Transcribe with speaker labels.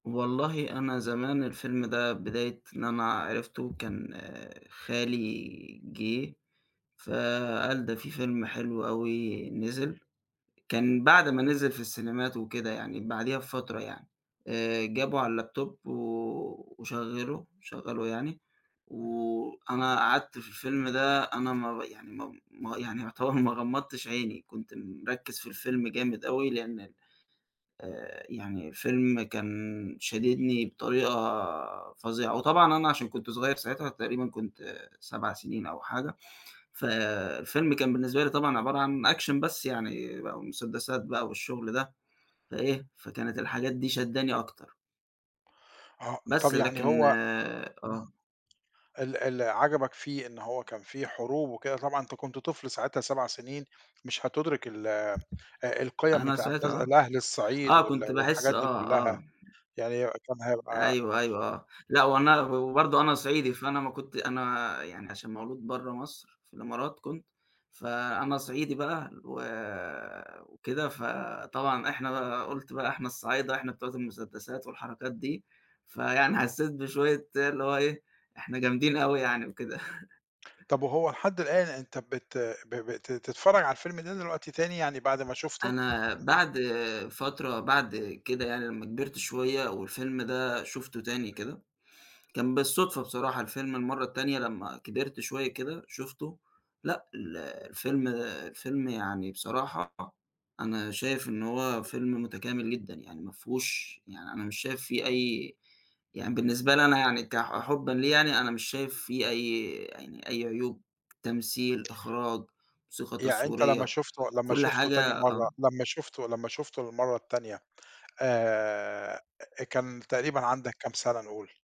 Speaker 1: والله أنا زمان الفيلم ده بداية إن أنا عرفته كان خالي جه، فقال ده في فيلم حلو أوي نزل، كان بعد ما نزل في السينمات وكده يعني بعديها بفترة يعني آآ جابه على الLaptop و وشغّله شغّله يعني
Speaker 2: [unintelligible]
Speaker 1: وأنا قعدت في الفيلم ده أنا ما ر يعني ما ما يعني يعتبر ما غمضّتش عيني كنت مركّز في الفيلم جامد أوي لأن ال آآ يعني الفيلم كان شاددني بطريقة فظيعة، وطبعًا أنا عشان كنت صغيّر ساعتها تقريبًا كنت 7 سنين أو حاجة، ف الفيلم كان بالنسبة لي طبعًا عبارة عن action بس يعني بقى مسدسات بقى والشغل ده، فإيه فكانت الحاجات دي شادّاني أكتر.
Speaker 2: آه
Speaker 1: بس
Speaker 2: طَب يعني
Speaker 1: لكن
Speaker 2: هو
Speaker 1: آه.
Speaker 2: [unintelligible] ال ال عجبك فيه إن هو كان في حروب وكده طبعًا أنت كنت طفل ساعتها 7 سنين مش هتدّرك ال آآ، القِيَم
Speaker 1: أنا
Speaker 2: بتاعة د
Speaker 1: ساعتها
Speaker 2: الأهل الصعيد
Speaker 1: آه، آه،
Speaker 2: وال
Speaker 1: كنت باحس
Speaker 2: والحاجات دي
Speaker 1: آه،
Speaker 2: كُلّها،
Speaker 1: آه.
Speaker 2: يعني كان هيبقى
Speaker 1: أيوه أيوه آه، لأ وأنا وبرضه أنا صعيدي فأنا ما كنت أنا يعني عشان مولود بره مصر في الإمارات، كنت فأنا صعيدي بقى و وكده، فطبعًا إحنا بقى قُلت بقى إحنا الصعايدة إحنا بتوع المسدسات والحركات دي، فيعني حسّيت بشوية [unintelligible] اللي هو إيه إحنا جامدين أوي يعني وكده.
Speaker 2: طَب وهو لحد الآن أنت بت ب ب ت تتفرج على الفيلم ده دلوقتي تاني يعني بعد ما شُفته؟
Speaker 1: أنا بعد فترة بعد كده يعني لمّا كبرت شوية والفيلم ده شُفته تاني كده، كان بالصدفة بصراحة الفيلم المرّة التانية لمّا كبرت شوية كده شُفته لأ ال الفيلم الفيلم يعني بصراحة أنا شايف إن هو فيلم متكامل جدًا، يعني ما فيهوش يعني أنا مش شايف في أي يعني بالنسبة لي أنا يعني ك ح حُبًا ليه يعني أنا مش شايف فيه أي يعني أي عيوب، تمثيل، إخراج، موسيقى
Speaker 2: يعني أنت لمّا
Speaker 1: تصويرية
Speaker 2: شُفته لمّا
Speaker 1: كل
Speaker 2: شُفته تاني
Speaker 1: حاجة
Speaker 2: مَرّة
Speaker 1: آه.
Speaker 2: لمّا شُفته لمّا شُفته للمَرّة التانية، آآ كان تقريبًا عندك كام سَنة نقول؟